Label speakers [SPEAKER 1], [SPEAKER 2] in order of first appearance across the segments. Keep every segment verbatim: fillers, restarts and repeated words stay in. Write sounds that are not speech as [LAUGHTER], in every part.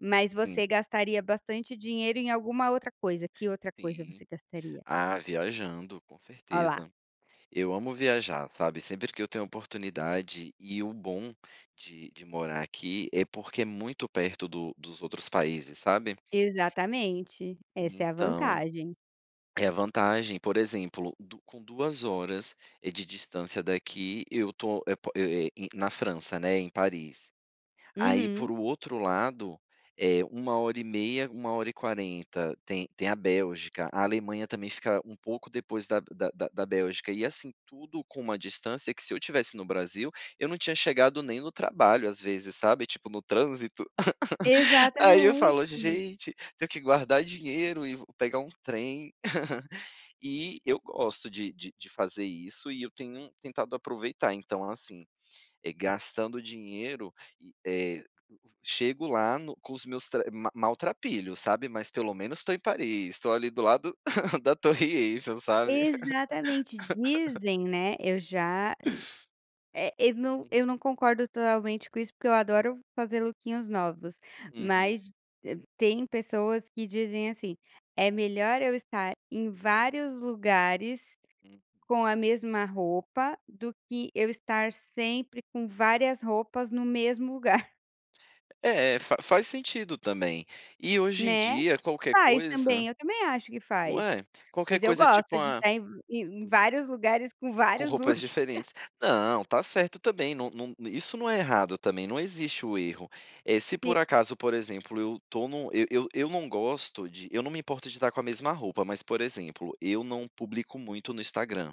[SPEAKER 1] Mas você
[SPEAKER 2] Sim.
[SPEAKER 1] gastaria bastante dinheiro em alguma outra coisa. Que outra coisa você
[SPEAKER 2] Sim.
[SPEAKER 1] gastaria?
[SPEAKER 2] Ah, viajando com
[SPEAKER 1] Ó, lá.
[SPEAKER 2] certeza. Eu amo viajar, sabe, sempre que eu tenho oportunidade e o bom de de morar aqui é porque é muito perto do dos outros países, sabe.
[SPEAKER 1] Exatamente,
[SPEAKER 2] E,
[SPEAKER 1] essa é a
[SPEAKER 2] então,
[SPEAKER 1] vantagem.
[SPEAKER 2] é a vantagem, por exemplo, do com duas horas, eh, de distância daqui eu estou é pa é i é na França, né, em Paris. Aí por
[SPEAKER 1] Uhum.
[SPEAKER 2] o outro lado, eh, uma hora e meia, uma hora e quarenta, tem tem a Bélgica. A Alemanha também fica um pouco depois da da da Bélgica e, assim, tudo com uma distância que se eu tivesse no Brasil, eu não tinha chegado nem no trabalho às vezes, sabe, tipo, no trânsito. [LAUGHS] Aí eu
[SPEAKER 1] Exatamente.
[SPEAKER 2] falo: "Gente, tenho que guardar dinheiro e vo pegar um trem". [LAUGHS] E eu gosto de de de fazer isso e eu tenho tentado aproveitar, então, assim, eh, gastando dinheiro e, eh, chego lá no com os meus tre ma maltrapilhos, sabe, mas pelo menos estou em Paris, estou ali do lado [CHUCKLES] da torre Eiffel, sabe.
[SPEAKER 1] Exatamente,
[SPEAKER 2] [LAUGHS]
[SPEAKER 1] dizem né, eu já é eu não
[SPEAKER 2] Uhum.
[SPEAKER 1] eu não concordo totalmente com isso, porque eu adoro fazer lookinhos novos,
[SPEAKER 2] Uhum.
[SPEAKER 1] mas, eh, tem pessoas que dizem assim: "É melhor eu estar em vários lugares
[SPEAKER 2] Hum.
[SPEAKER 1] com a mesma roupa, do que eu estar sempre com várias roupas no mesmo lugar". [CHUCKLES]
[SPEAKER 2] É, fa faz sentido também. E hoje em
[SPEAKER 1] Né.
[SPEAKER 2] dia qualquer
[SPEAKER 1] Faz
[SPEAKER 2] coisa
[SPEAKER 1] também, eu também acho que
[SPEAKER 2] não
[SPEAKER 1] faz.
[SPEAKER 2] é, qualquer
[SPEAKER 1] Mas eu
[SPEAKER 2] coisa, tipo,
[SPEAKER 1] gosto de
[SPEAKER 2] a
[SPEAKER 1] estar em em vários lugares com
[SPEAKER 2] Com
[SPEAKER 1] vários
[SPEAKER 2] roupas
[SPEAKER 1] looks. [CHUCKLES]
[SPEAKER 2] diferentes. Não, tá certo também, não não, isso não é errado também, não existe o erro. Eh, se
[SPEAKER 1] Si
[SPEAKER 2] por acaso, por exemplo, eu tô no eu eu eu não gosto de eu não me importo de estar com a mesma roupa, mas por exemplo, eu não publico muito no Instagram.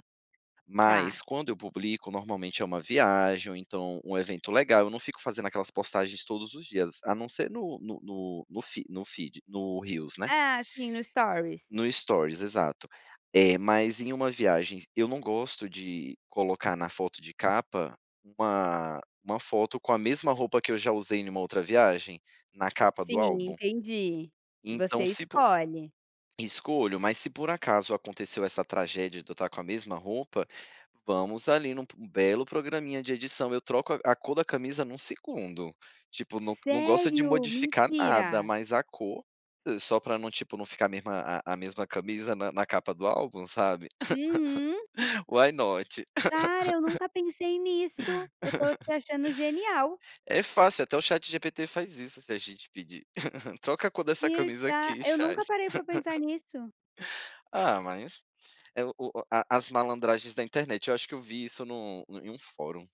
[SPEAKER 2] Mas
[SPEAKER 1] Tá.
[SPEAKER 2] quando eu publico normalmente é uma viagem ou então um evento legal, eu não fico fazendo aquelas postagens todos os dias. A não ser no no no no fe no feed no reels, né.
[SPEAKER 1] Ah, sim, no stories.
[SPEAKER 2] No stories, exato. Eh, mas em uma viagem, eu não gosto de colocar na foto de capa uma uma foto com a mesma roupa que eu já usei em uma outra viagem, na capa do
[SPEAKER 1] Sim,
[SPEAKER 2] álbum.
[SPEAKER 1] entendi, você
[SPEAKER 2] Então se po
[SPEAKER 1] escolhe.
[SPEAKER 2] escolho, mas se por acaso aconteceu essa tragédia de eu estar com a mesma roupa, vamos ali num p belo programinha de edição, eu troco a cor da camisa num segundo. Tipo, não não gosto de
[SPEAKER 1] Sério?
[SPEAKER 2] modificar nada,
[SPEAKER 1] Mentira.
[SPEAKER 2] mas a cor, só pra não, tipo, não ficar a mesma a a mesma camisa na na capa do álbum, sabe.
[SPEAKER 1] Uhum.
[SPEAKER 2] [LAUGHS] Why not?
[SPEAKER 1] Cara, eu
[SPEAKER 2] [LAUGHS]
[SPEAKER 1] nunca pensei nisso! Eu tô te
[SPEAKER 2] [LAUGHS]
[SPEAKER 1] achando genial.
[SPEAKER 2] É fácil, até o ChatGPT faz isso se a gente pedir. [LAUGHS] "Troca a cor dessa camisa
[SPEAKER 1] Verda
[SPEAKER 2] aqui,
[SPEAKER 1] eu nunca
[SPEAKER 2] chat".
[SPEAKER 1] parei pra pensar
[SPEAKER 2] [LAUGHS]
[SPEAKER 1] nisso.
[SPEAKER 2] Ah, mas, é o o a as malandragens da internet. Eu acho que eu vi isso no em um fórum.